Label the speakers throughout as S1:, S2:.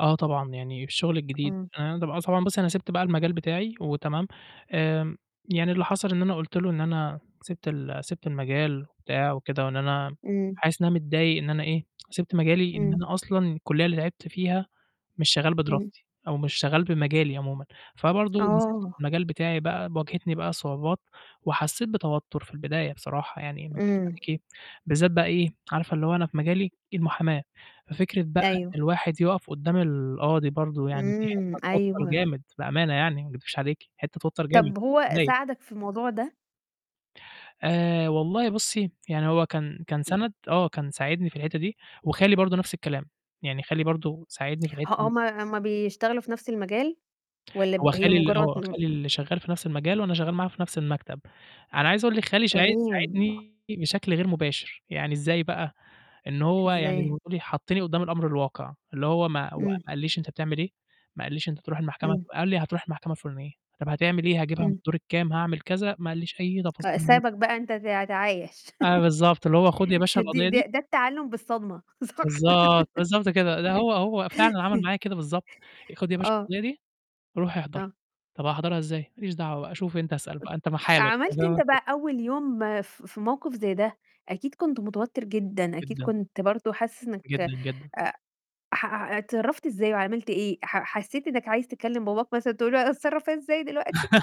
S1: آه، طبعًا، يعني الشُغل الجديد
S2: إمم.
S1: أنا طبعًا ص طبعًا بُصّي أنا سِبت بقى المجال بتاعي وتمام، آمم، يعني اللي حصل إن أنا قُلت له إن أنا سِبت ال سِبت المجال وبتاع وكده وإن أنا
S2: إمم.
S1: حاسس إنّها متضايق إن أنا إيه، سِبت مجالي إن
S2: إمم.
S1: أنا أصلًا الكلّية اللي تعبت فيها مش شغّال
S2: إمم.
S1: بدراستي أو مش شغّال بمجالي عمومًا، فبرضه نزِلت في
S2: آه.
S1: المجال بتاعي بقى ب واجهتني بقى صعوبات وحسّيت بتوتّر في البداية بصراحة يعني ما أكدبش
S2: إمم.
S1: عليكِ بالذات بقى إيه، عارفة اللي هو أنا في مجالي إيه المُحاماة ففكرة بقى
S2: أيوه.
S1: إن الواحد يوقف قدّام القاضي برضه يعني دي
S2: إمم،
S1: حتّة توتّر
S2: أيوه.
S1: جامد بأمانة يعني ما أكدبش عليكِ حتّة توتّر جامد.
S2: طَب هو
S1: [unintelligible]
S2: ساعدك في الموضوع ده؟
S1: آآ، والله بُصّي يعني هو كان كان سَنَد آه، كان ساعدني في الحتّة دي وخالي برضه نَفْس الكلام، يعني خالي برضه ساعدني في
S2: ه
S1: الحتّة دي.
S2: هم هم بيشتغلوا في نَفْس المجال والّا ب
S1: هو
S2: هي
S1: خالي ال
S2: مُجرّد
S1: آه،
S2: م
S1: خالي اللي شغّال في نَفْس المجال وأنا شغّال معاه في نَفْس المكتب، أنا عايزة أقول لِك خالي شاعيد
S2: تمام.
S1: ساعدني بشكل غير مباشر، يعني إزاي بقى، إن هو يعني زي
S2: إزاي؟
S1: ما تقولي حطّني قدّام الأمر الواقع، اللي هو ما هو ما
S2: إمم.
S1: قالش لي أنت بتعمل إيه، ما قالش لي أنت تروح المحكمة
S2: إمم.
S1: ف قال لي هتروح المحكمة الفُلانية، طَب هتعمل إيه هاجيبها من
S2: إمم.
S1: الدور كام، هاعمل كذا، ما قالش لي أي
S2: أ
S1: تفاصيل..
S2: سابك بقى أنت ت تعايش
S1: آه، بالضبط، اللي هو خُد يا باشا
S2: ه دي
S1: القضية
S2: ده
S1: دي
S2: ده التعلّم بالصدمة صح.
S1: بالضبط، بالضبط، كده ده هو هو فعلًا عمل
S2: أي
S1: معايا كده بالضبط آآ، "خُد يا باشا
S2: آه.
S1: القضية دي روح أحضر."
S2: آه.
S1: "طَب أحضرها إزاي؟" "ما ليش دعوة شوف أنت، أسأل بقى أنت في حالك."
S2: عملت أنت
S1: [unintelligible]
S2: بقى أول يوم في في موقِف زي ده، أكيد كنت متوتّر جدًا، أكيد
S1: جدًا.
S2: كنت برضه حاسس إنّك
S1: جدًا، جدًا.
S2: أ ح أع اتصرّفت إزاي وعملت إيه ح حسّيت إنّك عايز تكلّم باباك مثلًا تقولوا اتصرّف إزاي دلوقتي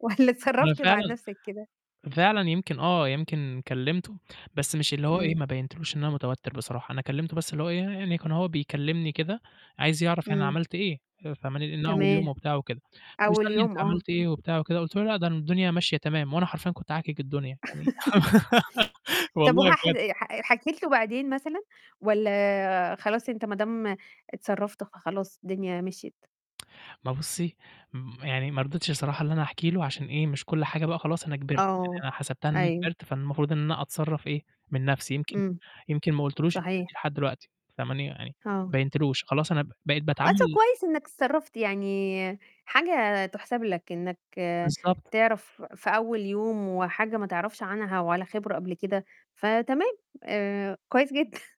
S2: والّا
S1: أنا
S2: اتصرّفت مع
S1: فعلًا
S2: نَفْسك كده؟
S1: فعلًا يمكن آه، يمكن كلمته بس مش اللي هو إيه
S2: إمم.
S1: ما بينتش له إن أنا متوتّر بصراحة أنا كلمته بس اللي هو إيه، يعني كان هو بيكلّمني كده عايز يعرف أنا
S2: إمم.
S1: عملت إيه، آآ، فاهماني، إن أول يوم
S2: تمام.
S1: وبتاع وكده
S2: أول
S1: ويسألني أنت
S2: يوم آه.
S1: عملت إيه وبتاع وكده قُلت له "لأ، ده م الدنيا ماشية تمام." وأنا حرفيًا كنت عاكِك الدنيا يعني
S2: طَب
S1: والله
S2: وهحد
S1: بجد.
S2: أي ح حكيت له بعدين مثلًا، والّا خلاص أنت ما دام اتصرّفت فخلاص الدنيا مشيت؟
S1: ثما بُصّي م يعني ما رضيتش الصراحة إن أنا أحكي له عشان إيه، مش كل حاجة بقى خلاص أنا كِبرت،
S2: آه،
S1: يعني أنا حسبتها إن أنا
S2: أيوه.
S1: كبرت، فالمفروض إن أنا أتصرّف إيه، من نَفْسي يمكن
S2: إمم.
S1: يمكن ما قُلتش له الحتّة دي
S2: صحيح.
S1: لحد الوقتي فاهماني؟ يعني
S2: آه.
S1: بيّنتلوش خلاص أنا ب بقيت
S2: آه، طَب
S1: باتعامل
S2: كويس إنّك اتصرّفت، يعني حاجة تُحسَب لك، إنّك
S1: بالضبط.
S2: تعرف في أول يوم وحاجة ما تعرفش عنها ولا خبرة قبل كده، فتمام آآ، كويس جدًا.